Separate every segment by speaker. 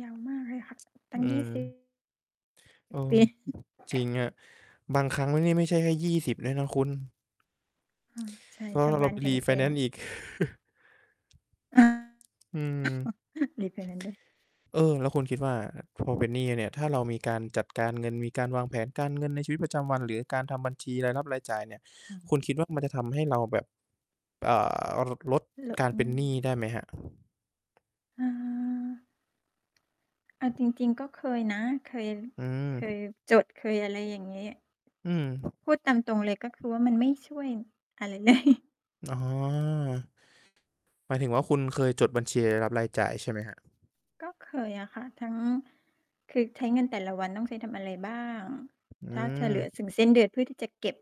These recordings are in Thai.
Speaker 1: ยาวมากเลยค่ะ ตั
Speaker 2: อื
Speaker 1: ้งยี่ สิบ
Speaker 2: ม เออ
Speaker 1: เป๊ะ
Speaker 2: จริงอะ บางครั้งไม่ นี่ไม่ใช่แค่ 20 ด้วยนะคุณ
Speaker 1: ค่ะ ใช่
Speaker 2: เพราะ
Speaker 1: ถ
Speaker 2: ว่
Speaker 1: ้า
Speaker 2: า
Speaker 1: บ
Speaker 2: เร
Speaker 1: ้
Speaker 2: า
Speaker 1: าน
Speaker 2: ไป
Speaker 1: แ
Speaker 2: รี
Speaker 1: พ
Speaker 2: ไฟแน
Speaker 1: ง
Speaker 2: นซ
Speaker 1: ๆ
Speaker 2: ์อีก
Speaker 1: อา
Speaker 2: อืม
Speaker 1: รีไฟแนนซ์ด้วย
Speaker 2: เออ แล้วคุณคิดว่า พอเป็นหนี้เนี่ย ถ้าเรามีการจัดการเงิน มีการวางแผนการเงินในชีวิตประจำวัน หรือการทำบัญชีรายรับรายจ่ายเนี่ย
Speaker 1: อื
Speaker 2: คุณ
Speaker 1: ม
Speaker 2: คิดว่ามันจะทำให้เราแบบ อ่า ล ลด
Speaker 1: เหรอ?
Speaker 2: การ
Speaker 1: อื
Speaker 2: เป็นหนี้
Speaker 1: ม
Speaker 2: ได้ไหมครับ?
Speaker 1: อา เอาจริง ๆ ก็เคยนะ เคย
Speaker 2: อื
Speaker 1: เคย
Speaker 2: ม
Speaker 1: จด เคยอะไรอย่างงี้
Speaker 2: อืม
Speaker 1: พูดตามตรงเลย ก็คือว่ามันไม่ช่วยอะไร เลย
Speaker 2: อ๋อ หมายถึงว่า คุณเคยจดบัญชีรับรายจ่ายใช่ไหมครับ?
Speaker 1: ก็เคยอะค่ะ ทั้ง คือใช้เงินแต่ละวันต้องใช้ทำอะไรบ้าง
Speaker 2: อื
Speaker 1: ถ้าจะเหลือ
Speaker 2: ม
Speaker 1: ถึง สิ้นเดือน เพื่อที่จะเก็บ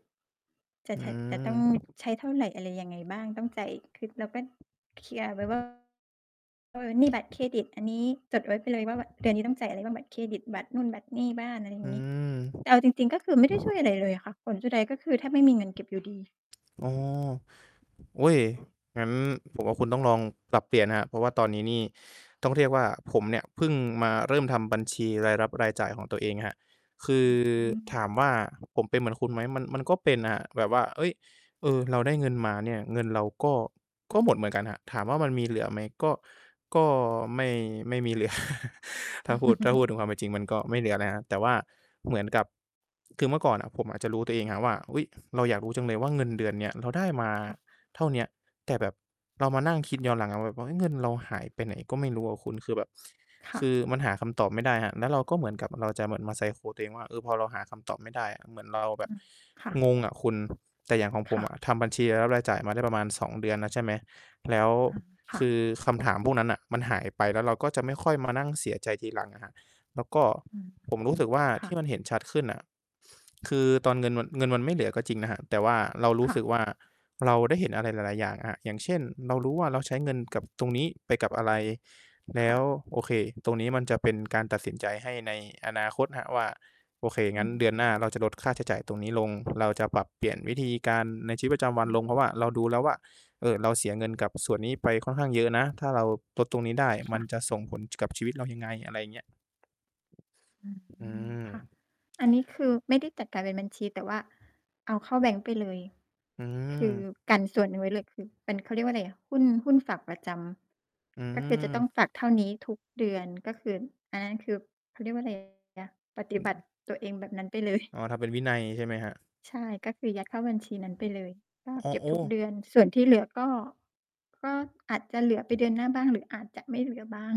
Speaker 1: จะ
Speaker 2: อื
Speaker 1: ใช้ จะต้อง
Speaker 2: ม
Speaker 1: ใช้เท่าไร อะไรยังไงบ้าง ต้องจ่าย คิดแล้วก็เคลียร์ไว้ ว่า เออ หนี้บัตรเครดิตอันนี้ จดไว้ไปเลยว่า บ เดือนนี้ต้องจ่ายอะไรบ้าง บัตรเครดิต บัตรนู่น บัตรหนี้บ้าน อะไรอย
Speaker 2: อ
Speaker 1: ่
Speaker 2: ื
Speaker 1: างงี้ แ
Speaker 2: ม
Speaker 1: ต่เอาจริง ๆ ก็คือไม่ได้ช่วยอะไรเลยอะค่ะ ผลสุดท้าย ก็คือแทบไม่มีเงินเก็บอยู่ดี
Speaker 2: อ๋อ อุ๊ย งั้นผมว่าคุณต้องลองปรับเปลี่ยนนะครับ เพราะว่าตอนนี้นี่ต้องเรียกว่า ผมเนี่ยเพิ่งมาเริ่มทำบัญชีรายรับรายจ่ายของตัวเองครับ คื
Speaker 1: อื
Speaker 2: อ
Speaker 1: ม
Speaker 2: ถามว่าผมเป็นเหมือนคุณไหม มัน มันก็เป็นครับแบบว่า เฮ้ย เออ เราได้เงินมาเนี่ย เงินเราก็ ก็หมดเหมือนกันครับ ถามว่ามันมีเหลือไหม ก็ ก็ไม่ ไม่มีเหลือ ถ้าพูด ถ้าพูดถึงความเป็นจริง มันก็ไม่เหลือนะครับ แต่ว่าเหมือนกับ คือเมื่อก่อนอะผมอาจจะรู้ตัวเองอะว่า อุ๊ย เราอยากรู้จังเลยว่าเงินเดือนเนี่ย เราได้มา
Speaker 1: ค่ะ
Speaker 2: เท่าเนี้ย แต่แบบเรามานั่ง
Speaker 1: ค
Speaker 2: คิ
Speaker 1: ่
Speaker 2: ด
Speaker 1: ะ
Speaker 2: ย้อนหลังอะว่า ว่า เฮ้ย เงินเราหายไปไหนก็ไม่รู้อะคุณ คือแบบ
Speaker 1: ค่
Speaker 2: ค
Speaker 1: ะ
Speaker 2: ือมันหาคำตอบไม่ได้ครับ แล้วเราก็เหมือนกับเราจะมา psycho ตัวเองว่า เออ พอเราหาคำตอบไม่ได้อะ เหมือนเราแบ
Speaker 1: อ
Speaker 2: บ
Speaker 1: ือ ค่ะ
Speaker 2: งงอะคุณ แต่อย่างของผ
Speaker 1: ค
Speaker 2: ม
Speaker 1: ่ะ
Speaker 2: อะทำบัญชีรายจ่ายมาได้ประมาณ 2 เดือนแล้ว ใช่ไหม แล้ว
Speaker 1: อือ ค
Speaker 2: ค
Speaker 1: ่ะ
Speaker 2: ือคำถามพวกนั้นน่ะ มันหายไป แล้วเราก็จะไม่ค่อยมานั่งเสียใจทีหลังอะครับ แล้วก็
Speaker 1: อืม
Speaker 2: ผมรู้สึกว่า
Speaker 1: ค่
Speaker 2: ที
Speaker 1: ะ
Speaker 2: ่มันเห็นชัดขึ้นน่ะ คือตอนเงินมัน เงินมันไม่เหลือก็จริงนะครับ แต่ว่าเราร
Speaker 1: ค
Speaker 2: ู้
Speaker 1: ่ะ
Speaker 2: สึกว่า เราได้เห็นอะไรหลาย ๆ อย่างครับ อย่างเช่น เรารู้ว่าเราใช้เงินกับตรงนี้ไปกับอะไร แล
Speaker 1: ค
Speaker 2: ้
Speaker 1: ่ะ
Speaker 2: ว โอเค ตรงนี้มันจะเป็นการตัดสินใจให้ในอนาคตครับว่า โอเค
Speaker 1: อื
Speaker 2: งั้นเด
Speaker 1: ม
Speaker 2: ือนหน้าเราจะลดค่าใช้จ่ายตรงนี้ลง เราจะปรับเปลี่ยนวิธีการในชีวิตประจำวั
Speaker 1: อื
Speaker 2: น
Speaker 1: ม
Speaker 2: ลง เพราะว่าเราดูแล้วว่า เออ เราเสียเงินกับส่วนนี้ไป ค่อนข้างเยอะนะ ถ้าเราลดตรงนี้ได้
Speaker 1: ค
Speaker 2: ม
Speaker 1: ่
Speaker 2: ัน
Speaker 1: ะ
Speaker 2: จะส่งผลกับชีวิตเรายังไง อะไรอย่างเงี้ย
Speaker 1: อื
Speaker 2: อื
Speaker 1: ม ค่ะ
Speaker 2: ม
Speaker 1: อันนี้คือไม่ได้จัดการเป็นบัญชี แต่ว่าเอาเข้าแบงค์ไปเลย
Speaker 2: อื
Speaker 1: คือ
Speaker 2: ม
Speaker 1: กันส่วนหนึ่งไว้เลย คือเป็น เขาเรียกว่าอะไรอะ หุ้น หุ้นฝากประจ
Speaker 2: อื
Speaker 1: ำ ก็คือจะต้อ
Speaker 2: ม
Speaker 1: งฝากเท่านี้ทุกเดือน ก็คือ อันนั้นคือ เขาเรียกว่าอะ ไรอะ ปฏิ
Speaker 2: อื
Speaker 1: บ
Speaker 2: อ
Speaker 1: ั
Speaker 2: ฮ
Speaker 1: ต
Speaker 2: ึ
Speaker 1: ิตัวเองแบบนั้นไปเลย
Speaker 2: อ๋อ ทำเป็นวินัยใช่ไหมครับ?
Speaker 1: ใช่ ก็คือยัดเข้าบัญชีนั้นไปเลย ก็
Speaker 2: อ้
Speaker 1: เ
Speaker 2: อ
Speaker 1: ก็บ
Speaker 2: โอ
Speaker 1: ทุ
Speaker 2: ้
Speaker 1: กเดือน ส่วนที่เหลือก็ ก็อาจจะเหลือไปเดือนหน้าบ้าง หรืออาจจะไม่เหลือบ้าง